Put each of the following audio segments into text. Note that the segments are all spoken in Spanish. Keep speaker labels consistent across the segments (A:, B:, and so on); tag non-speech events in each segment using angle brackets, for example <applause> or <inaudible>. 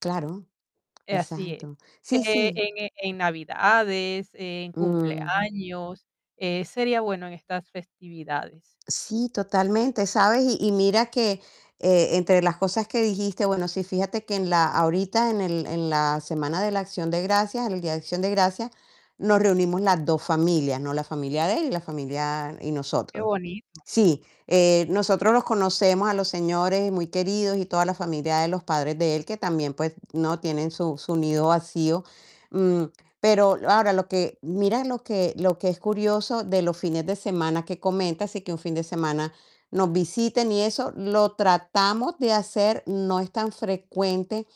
A: Claro,
B: Eh, así es.
A: exacto. Sí,
B: Eh,
A: sí.
B: ene en navidades, en
A: Mm.
B: cumpleaños, eh, sería bueno en estas festividades.
A: Sí, totalmente, ¿sabes? Y y mira que, eh, entre las cosas que dijiste, bueno, sí, fíjate que en la ahorita en el en la semana de la Acción de Gracias, el día de Acción de Gracias, nos reunimos las 2 familias, ¿no? La familia de él y la familia y
B: Qué
A: nosotros
B: bonito.
A: sí, eh, nosotros los conocemos a los señores muy queridos y toda la familia de los padres de él, que también, pues, ¿no? Tienen su su nido vacío, mm, pero ahora, lo que mira lo que lo que es curioso de los fines de semana que comentas, sí que un fin de semana nos visiten y eso, lo tratamos de hacer, no es tan frecuente,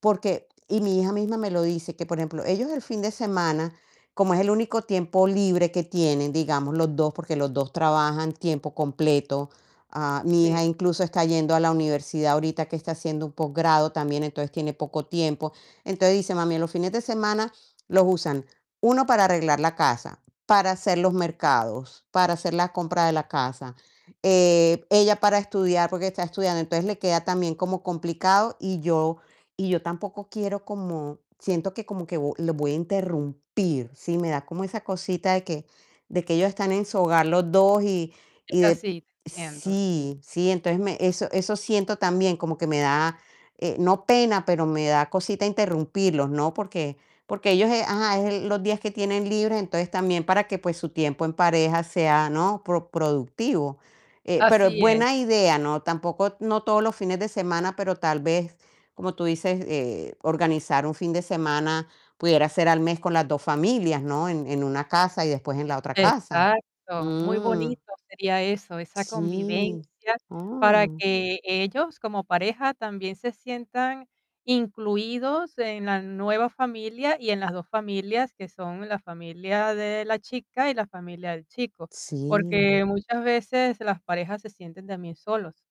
A: porque y mi hija misma me lo dice, que, por ejemplo, ellos el fin de semana, como es el único tiempo libre que tienen, digamos, los 2, porque los 2 trabajan tiempo completo. Ah, mi
B: Sí.
A: hija incluso está yendo a la universidad ahorita que está haciendo un posgrado también, entonces tiene poco tiempo. Entonces dice: "Mami, los fines de semana los usan, 1 para arreglar la casa, para hacer los mercados, para hacer la compra de la casa". Eh, ella para estudiar, porque está estudiando. Entonces le queda también como complicado y yo y yo tampoco quiero como siento que como vo que los voy a interrumpir. Sí, me da como esa cosita de que de que ellos están en su hogar los 2 y
B: Es
A: y de
B: así, te entiendo, sí.
A: sí, sí, entonces me eso eso siento también, como que me da, eh, no pena, pero me da cosita interrumpirlos, ¿no? Porque porque ellos ajá, es los días que tienen libre, entonces también para que, pues, su tiempo en pareja sea, ¿no?, pro productivo. Eh, pero es
B: Así es.
A: buena idea no, tampoco, no todos los fines de semana, pero tal vez, como tú dices, eh, organizar un fin de semana, pudiera ser al mes con las 2 familias, ¿no? En en una casa y después en la otra casa,
B: Exacto. Muy
A: mm.
B: bonito sería eso, esa
A: Sí,
B: convivencia, para
A: oh.
B: que ellos, como pareja, también se sientan incluidos en la nueva familia y en las 2 familias, que son la familia de la chica y la familia del chico,
A: Sí.
B: porque muchas veces las parejas se sienten también solos.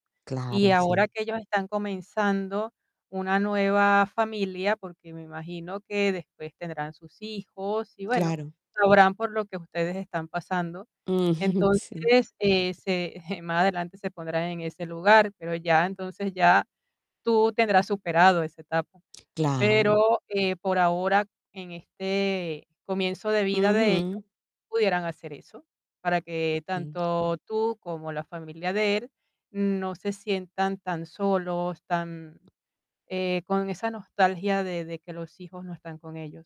B: Y
A: Claro,
B: ahora
A: sí.
B: que ellos están comenzando una nueva familia, porque me imagino que después tendrán sus hijos y, bueno,
A: Claro.
B: sabrán por lo que ustedes están pasando.
A: Mm, sí.
B: Entonces, eh, se, <chuckles> más adelante se pondrán en ese lugar, pero ya, entonces, ya tú tendrás superado esa etapa.
A: Claro.
B: Pero, eh, por ahora, en este comienzo de vida de ellos,
A: Ujú.
B: pudieran hacer eso, para que
A: Sí.
B: tanto tú como la familia de él no se sientan tan solos, tan, eh, con esa nostalgia de de que los hijos no están con ellos.